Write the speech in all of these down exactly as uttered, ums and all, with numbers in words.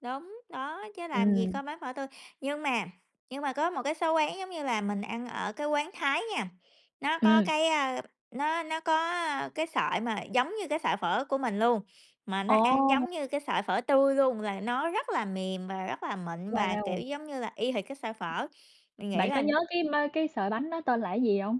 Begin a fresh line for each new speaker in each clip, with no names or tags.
Đúng, đó, chứ làm gì
Ừm.
có bán phở tươi nhưng mà nhưng mà có một cái số quán, giống như là, mình ăn ở cái quán Thái nha, nó có
Ừm.
cái, ơ, nó nó có, ơ, cái sợi mà giống như cái sợi phở của mình luôn, mà nó ăn
Ồ.
giống như cái sợi phở tươi luôn, rồi nó rất là mềm và rất là mịn, và, kiểu
Wow!
giống như là, y hệt cái sợi phở, mình nghĩ
Bạn có
là
nhớ cái ma cái sợi bánh đó tên là cái gì hông?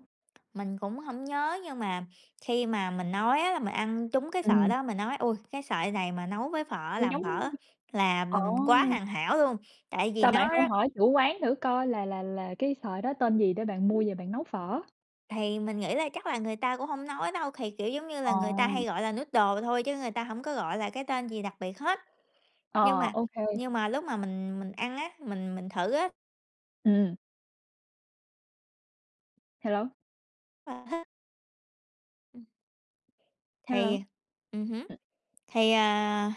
Mình cũng hổng nhớ, nhưng mà khi mà mình nói á là mình ăn trúng cái sợi
Ừm.
đó, mình nói: "Ôi, cái sợi này mà nấu với phở,
Thì
làm
giống
phở là
ồ!
quá hoàn hảo luôn", tại vì
Sao bạn
nó
không
đó
hỏi chủ quán thử coi là là là cái sợi đó tên gì để bạn mua về bạn nấu phở?
Thì mình nghĩ là chắc là người ta cũng hông nói đâu, thì, kiểu giống như
Ờ.
là, người ta hay gọi là noodles thôi chứ người ta hổng có gọi là cái tên gì đặc biệt hết. Nhưng
Ờ,
mà
OK.
nhưng mà lúc mà mình mình ăn á, mình mình thử á
Ừm. Hello.
Ờ ha.
Hello.
Thì ừm hứm, thì, à,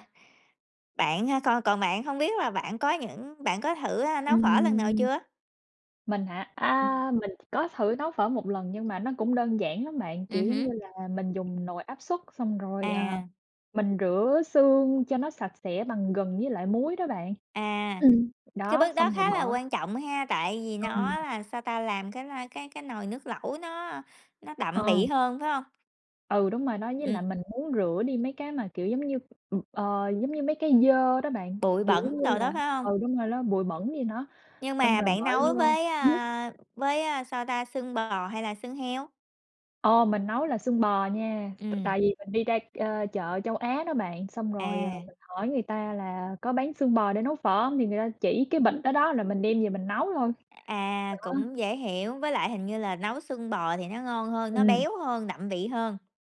bạn, a con còn bạn hông biết là bạn có những bạn có thử, ơ, nấu phở lần nào
Ừm.
chưa?
Mình hả? A, mình có thử nấu phở một lần nhưng mà nó cũng đơn giản lắm bạn,
Ừm
kiểu giống
hứm.
như là, mình dùng nồi áp suất xong rồi, à,
À.
mình rửa xương cho nó sạch sẽ bằng gừng với lại muối đó bạn
À.
ừm,
Cái
đó,
bước đó
xong rồi
khá là
bỏ
quan trọng ha, tại vì
Ừm.
nó là, sao ta, làm cái lai cái cái nồi nước lẩu nó nó đậm
Ờ.
vị hơn, phải hông?
Ừ, đúng rồi đó. Với lại
Ừm.
mình muốn rửa đi mấy cái mà, kiểu giống như, ừm, ờ, giống như, mấy cái dơ đó bạn,
Bụi
kiểu,
bẩn
giống như
đồ
là
đó, phải không?
ừ, đúng rồi, ló bụi bẩn gì đó,
Nhưng
xong
mà
rồi
bạn
bỏ
nấu
vô
với,
hửm?
a, với, a, sao ta, xương bò hay là xương heo?
Ồ, mình nấu là xương bò nha. T
Ừm.
tại vì mình đi ra, ơ, chợ Châu Á đó bạn, xong rồi, ờ,
À.
mình hỏi người ta là có bán xương bò để nấu phở hông, thì người ta chỉ cái bịch đó, đó là mình đem về mình nấu thôi. Đó.
À, cũng dễ hiểu. Với lại hình như là nấu xương bò thì nó ngon hơn, nó
Ừm.
béo hơn, đậm vị hơn.